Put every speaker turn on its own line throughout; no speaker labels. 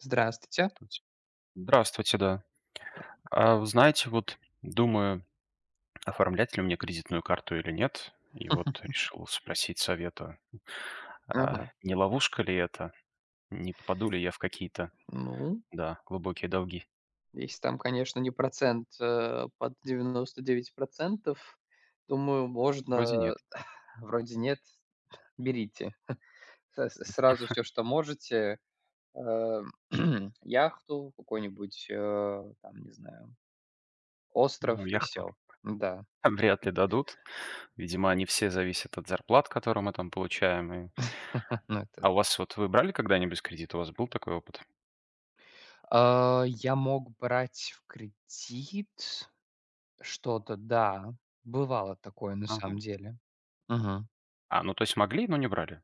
Здравствуйте.
Туть Здравствуйте, да.
Да.
А, вы знаете, вот думаю, оформлять ли меня кредитную карту или нет. И вот решил спросить совета, а
Ага.
не ловушка ли это? Не попаду ли я в какие-то,
Ну
да, глубокие долги?
Если там, конечно, не процент, э, под 99 %- думаю,
Вроде
можно
нет.
Вроде нет? Берите. С сразу всё, что можете, а, яхту, какой-нибудь, а, там, не знаю, остров,
Ну,
и
яхту
всё. М, да.
вряд ли дадут. Видимо, они все зависят от зарплат, которые мы там получаем, и
Ну, это
А у
да.
вас вот вы брали когда-нибудь кредит? У вас был такой опыт?
А, я мог брать в кредит что-то. Да, бывало такое, на
Ага.
самом деле. Мгм.
А, ну, то есть, могли, но не брали?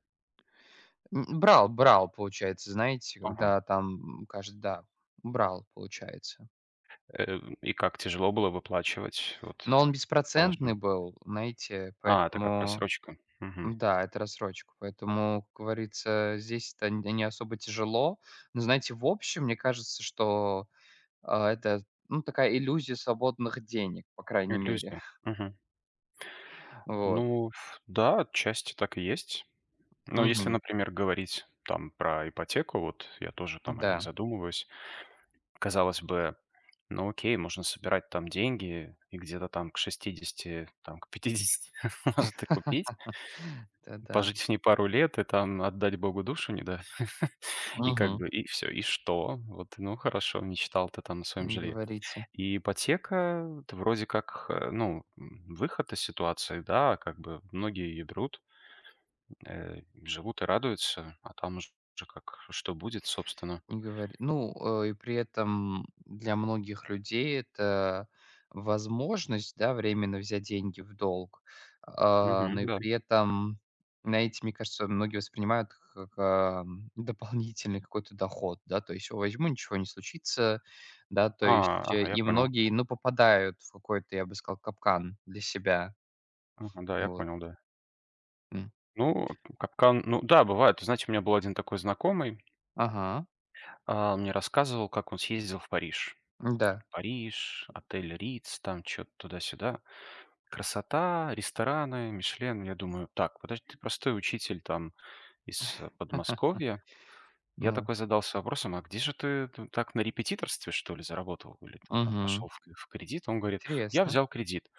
М, брал, брал, получается, знаете,
Ага.
когда там, м, каждый, да, брал, получается.
Э, и как, тяжело было выплачивать, вот,
Но он
по
беспроцентный
вашему?
был, знаете,
А, это как
поэтому
рассрочка. Мгм.
Да, это в рассрочку, поэтому, как говорится, здесь это не не особо тяжело. Но знаете, в общем, мне кажется, что, а, это, ну, такая иллюзия свободных денег, по крайней мере.
Иллюзия. Мгм.
Вот.
Ну, в да, отчасти так и есть. Но если,
Мгм.
например, говорить, там, про ипотеку вот, я тоже там о ней
Да.
задумываюсь. Казалось бы, ну, окей, можно собирать там деньги и где-то там, к 60-ти, там, к 50-ти может и купить,
Это да.
пожить в ней пару лет и, там, отдать богу душу, не, да, и как
Мгм.
бы и всё. И что? Вот, ну, хорошо, мечтал ты там о своем
Не
жилье.
говорите.
И ипотека-то, вроде как, э, ну, м, выход из ситуации, да, как бы. Многие ее берут, м, э, и живут и радуются, а там уже как что будет, собственно.
Не говори, ну, э, и при этом для многих людей это возможность, да, временно взять деньги в долг, а, но
Мгм.
и
Да.
при этом, знаете, мне кажется, многие воспринимают к как а, м, дополнительный какой-то доход, да. То есть: "Возьму, ничего не случится". Да, то
А,
есть.
ага. Я
И
понял.
многие, ну, попадают в какой-то, я бы сказал, капкан для себя.
Ага, да, я
Вот.
понял, да.
М.
Ну, там капкан Ну да, бывает, вы знаете, у меня был 1 такой знакомый
Ага.
А, он мне рассказывал, как он съездил в Париж.
М-да.
Париж, отель Ritz, там чё-то туда-сюда, красота, рестораны, Мишлен. Я думаю: "Tак, подожди, ты простой учитель, там, из Подмосковья". Я
Ну.
такой задался вопросом: "A где же ты ты так, на репетиторстве что ли заработал, или ты там
Мгм.
пошел в в кредит?" Он говорит: "Я
Интересно.
взял кредит".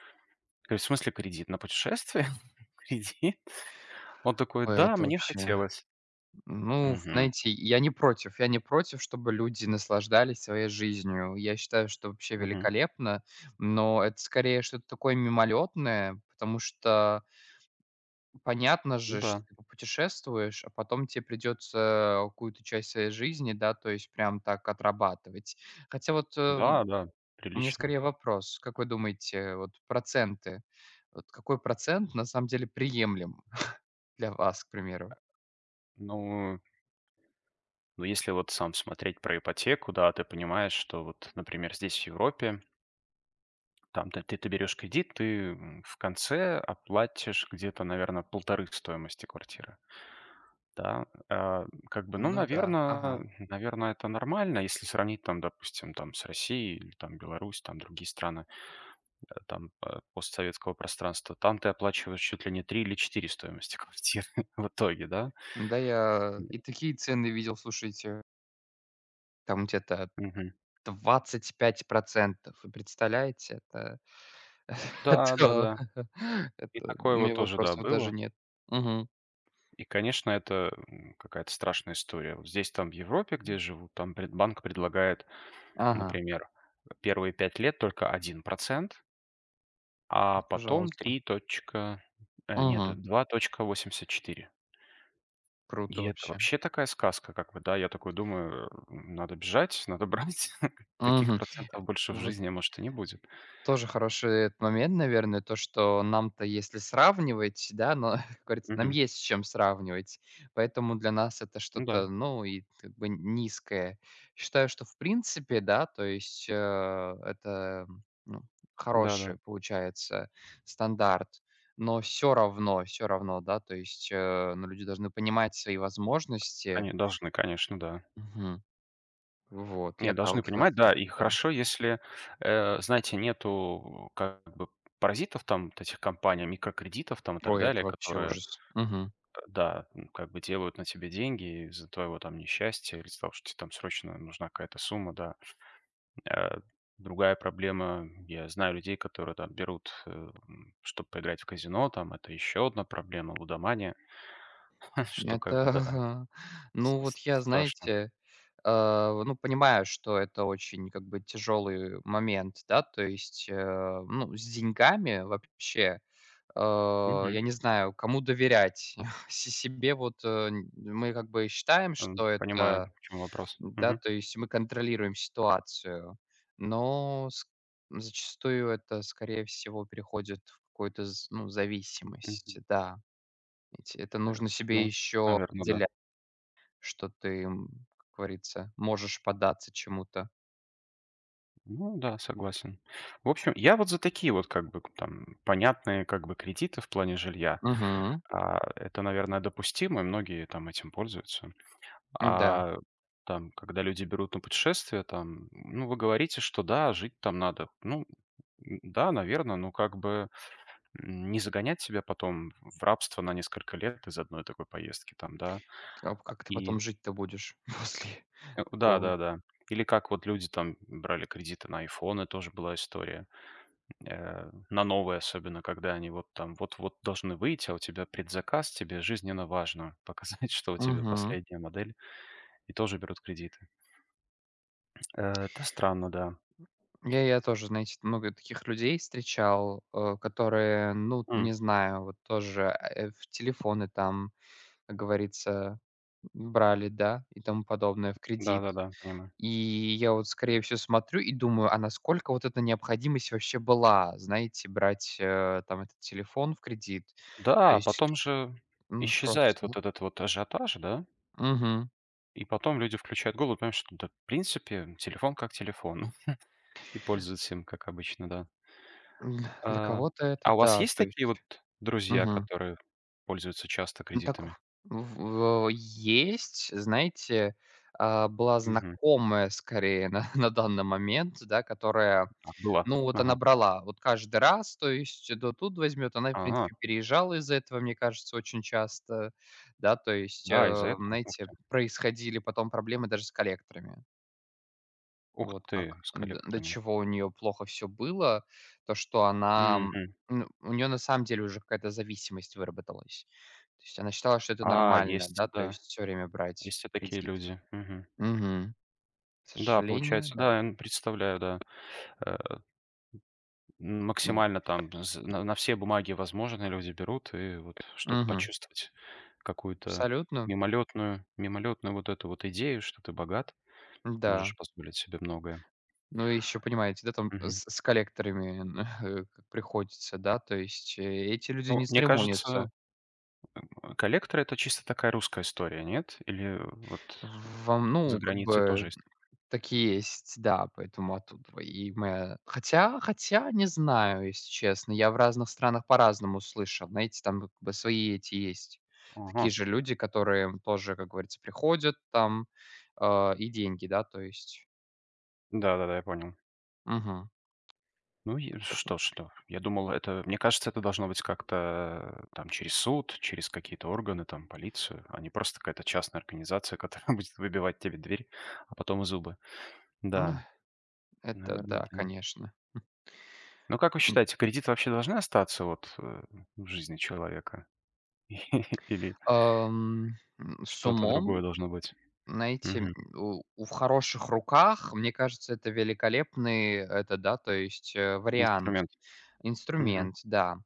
Я говорю: "В смысле кредит? На путешествие кредит?" Он такой:
Ой,
"Да,
это
мне
вообще.
хотелось".
Н ну,
Мгм.
знаете, я не против. Я не против, чтобы люди наслаждались своей жизнью. Я считаю, что вообще
Мгм.
великолепно, но это, скорее, что-то такое, мимолетное, потому что понятно
Ну
же, что
да.
ты попутешествуешь, а потом те придется у какую-то часть своей жизни, да, то есть прям так отрабатывать. Хотя вот, э, м,
Да, да,
у меня
прилично.
скорее вопрос. Как вы думаете, вот проценты, вот какой процент на самом деле приемлем для вас, к
Э
примеру?
Ну Ну если вот сам смотреть про ипотеку, да, ты понимаешь, что вот, например, здесь, в Европе там ты ты берёшь кредит, ты, м, в конце оплатишь где-то, наверно, полторы стоимости квартиры. Да, а, м, как бы, ну,
Ну да,
наверно
ага.
наверно, это нормально. Если сравнить там, допустим, там с Россией или, там, Беларусь, там другие страны, да, там, а, постсоветского пространства, там ты оплачиваешь чуть ли не 3 или 4 стоимости квартиры в итоге, да.
Да я
Не.
и такие цены видел, слушайте. Там где-то
Мгм.
25 %, вы представляете? Это, это,
Да-да-да, и
это у
такое вот
меня
тоже, да,
вопросов даже
было.
нет. Мгм.
И, конечно, это, м, какая-то страшная история. Вот здесь, там, в Европе, где
М.
я живу, там пред банк предлагает,
Ага.
например, э, первые 5 лет только 1% а потом
Пожалуйста.
3 точка, э, нет
Мгм.
2,84.
Круто
И это
вообще.
вообще такая сказка. Как бы, да, я такой думаю, эм, надо бежать, надо брать, таких
Мгм,
процентов больше
э,
в
вот
жизни может и не будет.
Тоже хороший этот момент, наверное, то, что нам-то если сравнивать, да, но как говорится нам
Мгм.
есть с чем сравнивать, поэтому для нас это
Ну да.
что-то, ну, и как бы н низкое. Считаю, что в принципе, да, то есть, э, это, м, ну,
Да-да.
хороший получается стандарт, но всё равно, всё равно, да, то есть, э, но люди должны понимать свои возможности.
Они должны, конечно, да.
Мгм. Вот и
Нет, должны
отталкиваться
понимать. Да,
от
и
этого.
хорошо, если, э, знаете, нету, у как бы паразитов, там, вот этих компаний, микрокредитов там, и так
Ой, это
далее,
вообще
которые, д
ужас. Мгм.
да, ну, как бы делают на тебе деньги, из-за твоего там несчастья, или из-за того, что тебе срочно нужна какая-то сумма, да. Э, другая проблема, я знаю людей, которые там берут, э, ну чтоб поиграть в казино, там это ещё одна проблема, лудомания, что как
Это
бы, да,
ага.
с
Ну вот
с
я,
страшно.
знаете, а, в ну понимаю, что это очень, как бы, тяжелый момент, да, то есть, э, ну с деньгами вообще, э,
Мгм.
я не знаю, кому доверять. Си себе вот, э, нь мы как бы считаем,
Эм.
что это
Понимаю, к чему вопрос.
да,
Мгм.
то есть мы контролируем ситуацию, но ск зачастую это скорее всего переходит в какую-то з ну
Мгм.
зависимость. Да, ведь это
Э,
нужно себе
ну,
еще
наверно, да.
определять, что ты, м, как говорится, можешь податься чему-то.
Ну да, согласен. В общем, я вот за такие вот, как бы, к там понятные, как бы, кредиты в плане жилья.
Мгм.
А, это, наверное, допустимо, многие там этим пользуются.
М, да.
А там когда люди берут на путешествие там, ну вы говорите, что да, жить там надо. Ну н н-да, наверно, но как бы, м, не загонять себя потом в рабство на несколько лет из-за одной такой поездки там, да,
А в как ты
и
потом жить-то будешь, после
Как У
такого?
да-да-да. Или как вот люди там б брали кредиты на айфоны, тоже была история, м, э, на новые особенно, когда они вот там вот вот должны выйти, а у тебя предзаказ тебе жизненно важно показать, что у тебя
Мгм.
последняя модель, и тоже берут кредиты. Э, это странно, да.
[unintelligible] Я я тоже знаете много таких людей встречал, э, которые, ну, т
М.
не знаю, вот тоже, э, в телефоны, там, как говорится, б брали, да, и тому подобное, в
Да,
кредит.
да, да, понимаю.
И я вот, скорее всего, смотрю и думаю, а насколько вот эта необходимость вообще была, знаете, брать, э, там этот телефон в кредит? То
Да,
есть,
потом же
ну, ф
исчезает
просто.
вот этот вот ажиотаж, да.
Мгм.
И потом люди включают голову и понимают, что да в принципе, телефон как телефон, и пользуются им как обычно, да.
М, для
А,
кого-то это,
а у вас
да,
есть
то
такие вот
есть.
друзья,
Мгм.
которые пользуются часто
Ну так
кредитами?
ф в в есть, знаете, а была
Мгм.
знакомая скорее на на данный момент, да которая,
А, была,
ну, вот она
ага.
брала вот каждый раз, то есть то тут возьмет. Она и в
А.
принципе переезжала из-за этого, мне кажется, очень часто. Да, то есть,
Да, из-за
э,
этого? Ух
знаете,
ты!
происходили потом проблемы даже с коллекторами.
Ух
Вот
ты,
как,
с
до до
коллекторами.
чего у неё плохо всё было. То, что она,
Мгм.
ну, у неё на самом деле уже какая-то зависимость выработалась. То есть она считала, что это
А,
нормально,
есть,
да, то
да,
есть, всё время брать
есть и такие
кредит.
люди. Мгм.
Мгм. К
Да,
сожалению,
получается,
да.
да, представляю, да. Э.
Ну.
Максимально там з на на все бумаги, возможно, люди берут и вот, чтоб
Мгм.
почувствовать какую-то
Абсолютно.
мимолётную, мимолётную вот эту вот идею, что ты богат,
М-да.
можешь позволить себе многое.
Ну и ещё понимаете, да, там
Мгм.
с с коллекторами нхэ как приходится, да, то есть эти люди
Но,
не
мне кажется,
церемонятся.
коллекторы- это чисто такая русская история. Нет? Или вот
В вам,
за
ну, как
границей тоже
бы,
есть?
так и есть, да, поэтому оттудова и моя. Хотя, хотя не знаю, если честно. Я в разных странах по-разному слышал. Знаете, там вот бы свои эти, есть такие
Ага.
же люди, которые тоже, как говорится, приходят там, а, и деньги. Да, то есть.
Да-да-да, я понял.
Мгм.
Ну и
Поэтому.
что что? Я думал, это, мне кажется, это должно быть как-то там через суд, через какие-то органы, там, полицию, а не просто какая-то частная организация, которая будет выбивать тебе дверь, а потом и зубы.
Ну, э.
Да,
Это
наверное,
да,
т
конечно, хм.
Но как вы
М.
считаете, кредиты вообще должны остаться вот, э, в жизни человека или
Ам, м, с
что-то
умом.
другое должно быть?
Найти, м,
Мгм.
у у в хороших руках, мне кажется, это великолепный, это да, то есть, э, вариант.
Инструмент. Мгм.
Инструмент, да.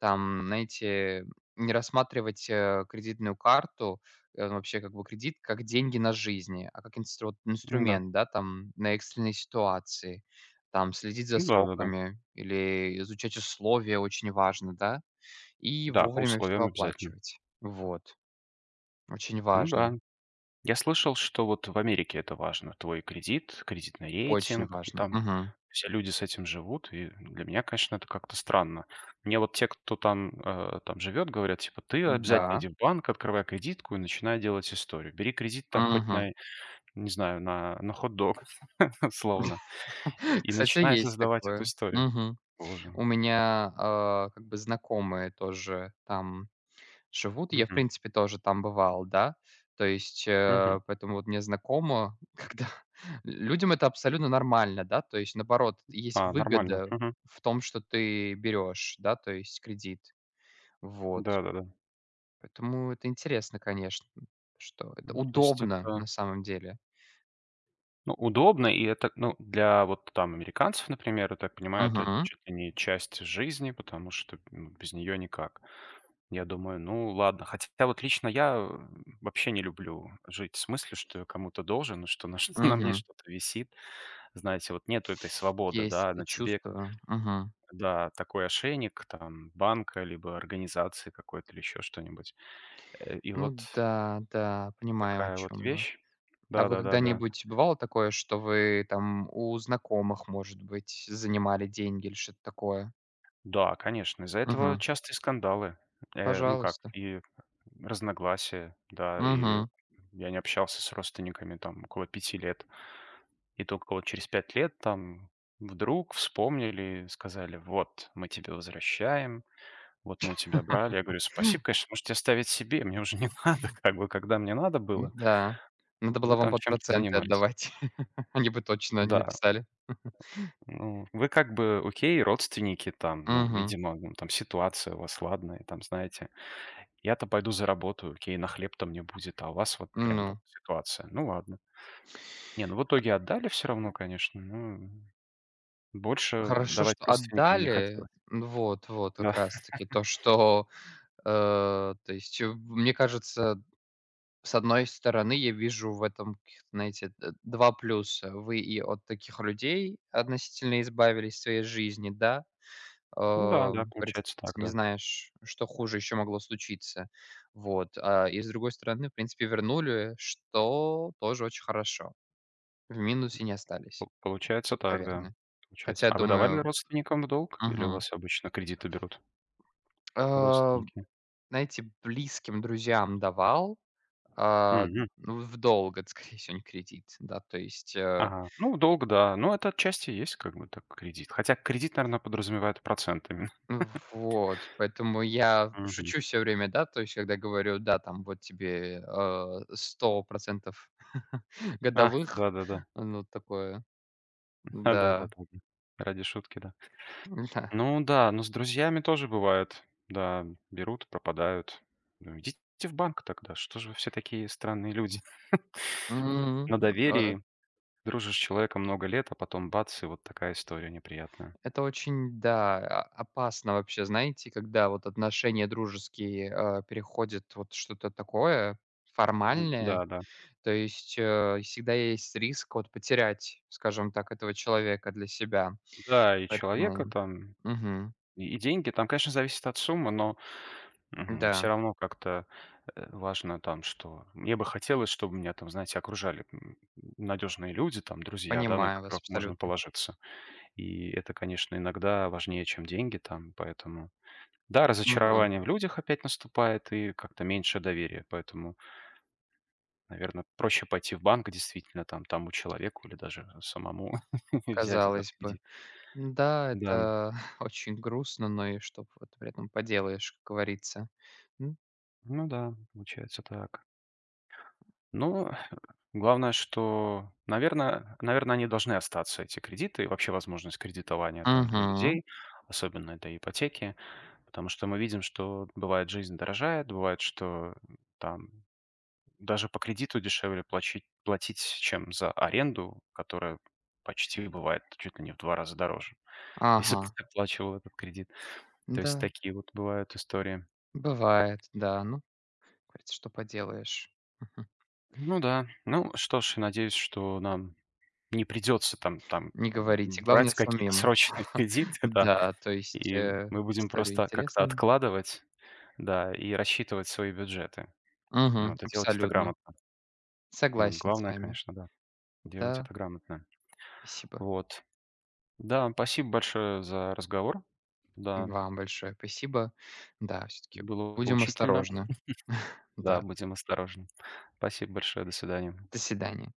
Там, знаете, не рассматривать, э, кредитную карту, э, ну вообще, как бы кредит, как деньги на жизни, а как инстру вот
М-да.
инструмент, да, там на экстренные ситуации. Там следить за
Да-да-да.
сроками или изучать условия очень важно, да? И
Да, по
вовремя всё
условиям обязательно.
оплачивать. Вот, очень
Ну
важно.
да. Я слышал, что вот в Америке это важно: твой кредит, кредитный
Очень
рейтинг, и
важно.
там
Мгм.
все люди с этим живут. И для меня, конечно, это как-то странно. Мне вот те, кто там, а, там живёт, говорят, типа: "Ты обязательно
М-да.
иди в банк, открывай кредитку и начинай делать историю". Бери кредит там хоть
Мгм.
на, не знаю, на на хот-дог, условно, и
Кстати,
начинай
есть
создавать эту
такое.
историю.
Мгм.
Положим.
У меня, а, как бы знакомые тоже там живут. И я, в
Мгм.
принципе, тоже там бывал, да. То есть,
Мгм.
э, поэтому вот мне знакомо, когда людям это абсолютно нормально, да. То есть, наоборот, есть
А, нормально.
выгода
Мгм.
в том, что ты берешь, да, то есть, кредит. Вот.
Да-да-да.
Поэтому это интересно, конечно, что это
М, то есть
удобно на
это
самом деле.
Ну, удобно, и это, ну, для вот там американцев, например, я так понимаю, это
Мгм.
чуть ли не часть жизни, потому что, м, без неё никак. Я думаю, ну ладно. Хотя вот лично я вообще не люблю жить с мыслью, что я кому-то должен, и что на чт на мне
Мгм.
что-то висит. Знаете, вот нету этой свободы,
Есть
да,
это
на тебе
чувство, мгм.
да, такой ошейник, там, банка либо организации какой-то или ещё что-нибудь. Э и вот
Ну да, да, понимаю, о
такая вот
чём вы.
вещь.
А
Да
вы
да да да.
когда-нибудь, бывало такое, что вы там у знакомых, может быть, занимали деньги или что-то такое?
Да, конечно, из-за этого
Мгм.
частые скандалы, э, ну как
Пожалуйста.
и разногласия, да, и
Мгм.
я не общался с родственниками там около 5 лет. И тока вот через 5 лет там вдруг вспомнили, сказали: "Вот, мы тебе возвращаем, вот мы у тебя брали". Я говорю: "Спасибо, конечно, можете оставить себе. Мне уже не надо, как бы. Когда мне надо было"
М-да, надо было
"вы
вам
там
под
чем-то
проценты
занимались".
отдавать. Они бы точно не
Да.
написали.
Ну, вы как бы, окей, родственники, там ну,
Мгм.
видимо, м, там ситуация у вас. Ладно, я там, знаете, я-то пойду заработаю, окей, на хлеб-то мне будет, а у вас вот прям
Ну.
вот ситуация. Ну ладно. Не, ну в итоге отдали всё равно, конечно, но больше
Хорошо,
давать
что
родственникам не
отдали.
хотелось.
Ну, вот, вот, как
Да.
раз таки то, что, э, то есть в, мне кажется. С одной стороны, я вижу в этом каких-то, знаете, д два плюса. Вы и от таких людей относительно избавились в своей жизни, да.
М-да, да,
Ам, приц
получается так,
не
да.
знаешь, что хуже ещё могло случиться. Вот. А, и с другой стороны, в принципе, вернули, что тоже очень хорошо. В минусе не остались,
По получается так, да.
наверное.
Получается.
Хотя,
А вы давали
думаю
родственникам в долг или у
Мгм.
вас обычно кредиты берут
А,
родственники?
знаете, близким друзьям давал, а,
Мгм.
ну, в долг, это скорее всего, не в кредит. Да то есть, э.
Ага. Ну, в долг, да. Ну, это отчасти и есть как бы так кредит. Хотя кредит, наверно, подразумевает процентами.
Вот, поэтому я
Мгм.
шучу всё время, да, то есть когда говорю: "Да, там, вот тебе, а, 100 %
Ах!
годовых",
Да-да-да.
ну, такое,
А, да да да
да.
да. Ради шутки, да.
М-да.
Ну да, но с друзьями тоже бывает: да, берут, пропадают. Ну, идите в банк тогда, что же вы все такие странные люди?
Мгм,
На
э.
доверии, дружишь с человеком много лет, а потом бац и вот такая история неприятная.
Это очень, да, а, опасно вообще, знаете, когда вот отношения дружеские, а, переходят вот что-то такое
М,
формальное,
да-да.
то есть, э, и всегда есть риск вот потерять, скажем так, этого человека для себя.
Да, и человека
Поэтому,
там,
мгм.
и деньги. Там, конечно, зависит от суммы, но, мгм, всё
М-да.
равно как-то, э, важно там что. Мне бы хотелось, чтобы меня там, знаете, окружали, м, надёжные люди, там друзья, да, на
Понимаю вас,
которых можно
абсолютно.
положиться. И это, конечно, иногда важнее, чем деньги там, поэтому да,
Мгм.
разочарование в людях опять наступает и как-то меньше доверия, поэтому. Наверно, проще пойти в банк действительно там тому человеку или даже самому взять этот
Казалось бы,
кредит.
м-да,
Да.
это очень грустно, но и что вот при этом поделаешь, говорится, м.
Ну да, получается так. Ну хэ главное, что, наверно, наверно, они должны остаться, эти кредиты, и вообще возможность кредитования там для
Мгм.
людей, особенно это ипотеки. Потому что мы видим, что бывает, жизнь дорожает, бывает, что там даже по кредиту дешевле плачить платить, чем за аренду, которая почти бывает чуть ли не в 2 раза дороже, если бы
Ага.
ты выплачивал этот кредит. То есть
Да.
такие вот бывают истории.
Бывает, да ну, как говорится, что поделаешь.
Ну да, ну что ж, я надеюсь, что нам не придётся, там, там
Не говорите, главное
брать какие-то
самим.
срочные кредиты, да,
Да, то есть,
и
э,
мы будем
истории
просто как-то
интересные.
откладывать, да, и рассчитывать свои бюджеты.
Мгм.
Надо делать это
Абсолютно.
грамотно. Ну,
Согласен с
главное,
вами.
конечно, да, делать
Да.
это грамотно.
Спасибо.
Вот. Да, спасибо большое за разговор. Да.
Вам большое спасибо. Да, всё-таки
Было
будем
поучительно.
осторожны.
Да,
Да.
будем осторожны. Спасибо большое, до свидания.
До свидания.